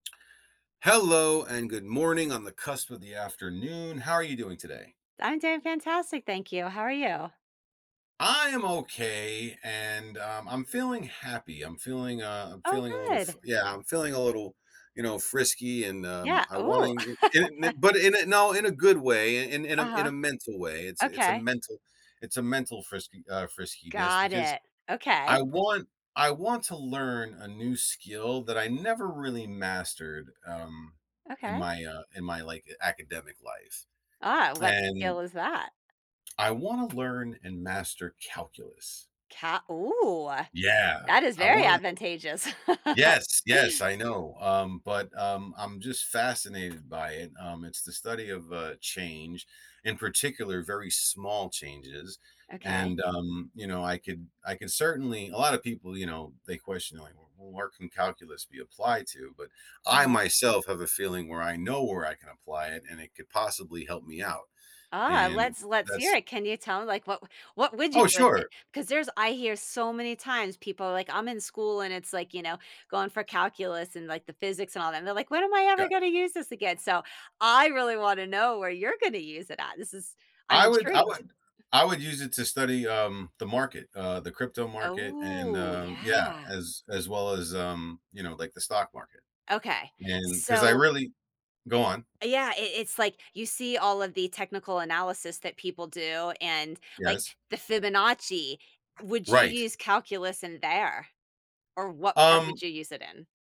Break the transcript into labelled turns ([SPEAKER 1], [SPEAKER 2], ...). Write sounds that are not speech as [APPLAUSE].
[SPEAKER 1] Hello, and good morning on the cusp of the afternoon. How are you doing today?
[SPEAKER 2] I'm doing fantastic, thank you. How are you?
[SPEAKER 1] I am okay, and, um, I'm feeling happy, I'm feeling, uh I'm
[SPEAKER 2] Oh,
[SPEAKER 1] feeling a little fr
[SPEAKER 2] good.
[SPEAKER 1] yeah, I'm feeling a little, you know, frisky, and, um,
[SPEAKER 2] Yeah,
[SPEAKER 1] I
[SPEAKER 2] ooh.
[SPEAKER 1] wanting in n
[SPEAKER 2] [LAUGHS]
[SPEAKER 1] but in a no, in a good way, in in a
[SPEAKER 2] Uh-huh.
[SPEAKER 1] mental way, it's it's a
[SPEAKER 2] Okay.
[SPEAKER 1] mental it's a mental frisky uh, friskiness
[SPEAKER 2] Got
[SPEAKER 1] because
[SPEAKER 2] it, okay.
[SPEAKER 1] I want I want to learn a new skill that I never really mastered, um, in
[SPEAKER 2] Okay.
[SPEAKER 1] my, uh in my, like, academic life.
[SPEAKER 2] Ah, what skill
[SPEAKER 1] And
[SPEAKER 2] is that?
[SPEAKER 1] I wanna learn and master calculus.
[SPEAKER 2] Ca Ooh.
[SPEAKER 1] Yeah!
[SPEAKER 2] That is
[SPEAKER 1] I
[SPEAKER 2] very
[SPEAKER 1] wanna
[SPEAKER 2] advantageous. [LAUGHS]
[SPEAKER 1] Yes, yes, I know, um, but, um, I'm just fascinated by it, um, it's the study of, uh, change, in particular, very small changes,
[SPEAKER 2] Okay.
[SPEAKER 1] and, um, you know, I could I could certainly a lotta people, you know, they question, like, "Wh where can calculus be applied to?" But I
[SPEAKER 2] Uh-huh.
[SPEAKER 1] myself have a feeling where I know where I can apply it, and it could possibly help me out,
[SPEAKER 2] Ah,
[SPEAKER 1] and
[SPEAKER 2] let's let's hear
[SPEAKER 1] that's
[SPEAKER 2] it. Can you tell me, like What what would you
[SPEAKER 1] Oh,
[SPEAKER 2] do with it?
[SPEAKER 1] sure.
[SPEAKER 2] 'Cause there's I hear so many times people are like, "I'm in school and it's, like, you know, going for calculus and, like, the physics and all that," and they're like, "When am I ever
[SPEAKER 1] Got
[SPEAKER 2] gonna use this again?" So, I really wanna know where you're gonna use it at? This is I'm
[SPEAKER 1] I would I
[SPEAKER 2] intrigued.
[SPEAKER 1] would I would use it to study, um, the market, uh, the crypto market and,
[SPEAKER 2] Oh,
[SPEAKER 1] um, yeah,
[SPEAKER 2] yeah.
[SPEAKER 1] as as well as, um, you know, like, the stock market,
[SPEAKER 2] Okay,
[SPEAKER 1] and 'cause I
[SPEAKER 2] so
[SPEAKER 1] really go on.
[SPEAKER 2] E Yeah, it it it's, like, you see all of the technical analysis that people do, and, like,
[SPEAKER 1] Yes.
[SPEAKER 2] the Fibonacci, would you
[SPEAKER 1] Right.
[SPEAKER 2] use calculus in there? Or what part would
[SPEAKER 1] Um
[SPEAKER 2] you use it in?